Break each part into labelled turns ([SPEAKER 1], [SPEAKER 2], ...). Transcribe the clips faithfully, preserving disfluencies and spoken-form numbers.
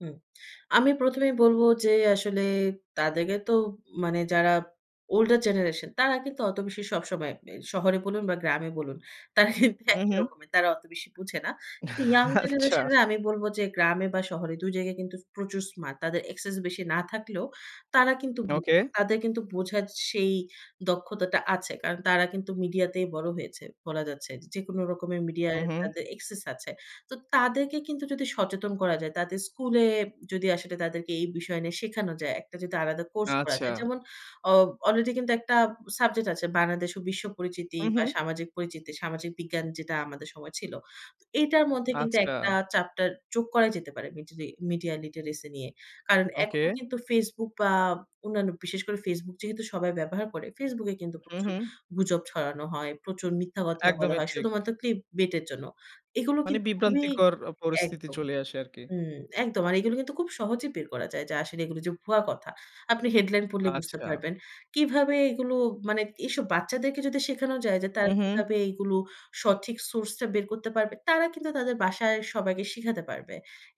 [SPEAKER 1] হুম। আমি প্রথম এই বলব যে, আসলে তাদেরকে তো মানে যারা ওল্ডার জেনারেশন। তারা কিন্তু অত বেশি সবসময় মে শহরে বলুন, বা গ্রামে বলুন তারা কিন্তু
[SPEAKER 2] হুম,
[SPEAKER 1] একই
[SPEAKER 2] হুম।
[SPEAKER 1] রকমের, তারা অত বেশি বুঝে না। কিন্তু ইয়ং
[SPEAKER 2] আচ্ছা।
[SPEAKER 1] জেনারেশনের আমি বলবো যে, গ্রামে বা শহরে দুই জায়গায় কিন্তু প্রচুর স্মার্ট তাদের অ্যাক্সেস বেশি না থাকলেও, তারা কিন্তু বুঝে।
[SPEAKER 2] ওকে।
[SPEAKER 1] তাদের কিন্তু বোঝার সেই দক্ষতাটা আছে, কারণ তারা কিন্তু মিডিয়াতেই বড় হয়েছে, বলা যাচ্ছে। যেকোনো রকমের মিডিয়ায়
[SPEAKER 2] হুম, হুম।
[SPEAKER 1] তাদের এক্সেস আছে। তো তাদেরকে কিন্তু যদি সচেতন করা যায়, তাদের স্কুলে যদি আয় সে তাদেরকে এই বিষয় নিয়ে শেখানো যায়, একটা যদি আলাদা কোর্স করা যায়।
[SPEAKER 2] আচ্ছা।
[SPEAKER 1] যেমন অ অলরেডি কিন্তু একটা সাবজেক্ট আছে বাংলাদেশ ও বিশ্ব পরিচিতি,
[SPEAKER 2] উম
[SPEAKER 1] বা
[SPEAKER 2] হু।
[SPEAKER 1] সামাজিক পরিচিতি, সামাজিক বিজ্ঞান যেটা আমাদের সময় ছিল। তো এটার মধ্যে কিন্তু একটা
[SPEAKER 2] আচ্ছা।
[SPEAKER 1] চ্যাপ্টার যোগ করা যেতে পারে, মিডিরি মিডিয়া লিটারেসি নিয়ে। কারণ
[SPEAKER 2] ওকে।
[SPEAKER 1] এখন কিন্তু Facebook বা অন্যান্য বিশেষ করে Facebook যেহেতু সবাই ব্যবহার করে Facebook এ কিন্তু
[SPEAKER 2] হুম,
[SPEAKER 1] প্রচুর
[SPEAKER 2] হুম।
[SPEAKER 1] গুজব ছড়ানো হয়, প্রচুর মিথ্যা কথা বলা
[SPEAKER 2] একদমই
[SPEAKER 1] হয়,
[SPEAKER 2] ঠিক।
[SPEAKER 1] শুধুমাত্র ক্লিপ বেটে জন্য। এগুলো
[SPEAKER 2] মানে
[SPEAKER 1] কিন্তু খুবই
[SPEAKER 2] বিভ্রান্তিকর পরিস্থিতি
[SPEAKER 1] একদম।
[SPEAKER 2] চলে আসে আরকি।
[SPEAKER 1] হুম, একদম, আর এগুলো কিন্তু খুব সহজেই বের করা যায়। যা আসলে এগুলো যে ভুয়া কথা। আপনি হেডলাইন পড়লে বুঝতে
[SPEAKER 2] আচ্ছা।
[SPEAKER 1] পারবেন। কীভাবে এগুলো মানে এসব বাচ্চাদেরকে যদি শেখানো যায়, যে তারা
[SPEAKER 2] হুম, হু।
[SPEAKER 1] কিভাবে এগুলো সঠিক সোর্সটা বের করতে পারবে, তারা কিন্তু তাদের বাসায় সবাইকে শিখাতে পারবে।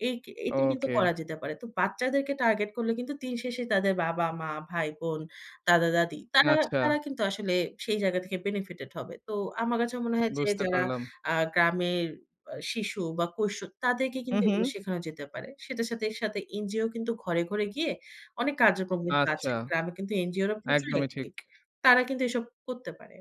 [SPEAKER 1] এক এটা কিন্তু
[SPEAKER 2] ওকে।
[SPEAKER 1] করা যেতে পারে। তো বাচ্চাদেরকে টার্গেট করলে কিন্তু দিন শেষে তাদের বাবা-মা, ভাই-বোন, দাদা-দাদি তারা,
[SPEAKER 2] আচ্ছা।
[SPEAKER 1] তারা কিন্তু আসলে সেই জায়গা থেকে বেনিফিটেড হবে। তো আমার কাছে মনে হয় যে
[SPEAKER 2] বুঝতে
[SPEAKER 1] যারা
[SPEAKER 2] পারলাম।
[SPEAKER 1] আ গ্রামের শিশু বা কৈশো তাদেরকে
[SPEAKER 2] হুম,
[SPEAKER 1] কিন্তু এগুলো
[SPEAKER 2] হু।
[SPEAKER 1] শেখানো যেতে পারে। সেটার সাথে এর সাথে এনজিও কিন্তু ঘরে, ঘরে গিয়ে অনেক কাজোকম্মিতো তো আছে।
[SPEAKER 2] আচ্ছা।
[SPEAKER 1] গ্রামে কিন্তু এনজিওরা প্রচুর
[SPEAKER 2] একদমই ঠিক।
[SPEAKER 1] অ্যাকটিভ। তারা কিন্তু এসব করতে পারে।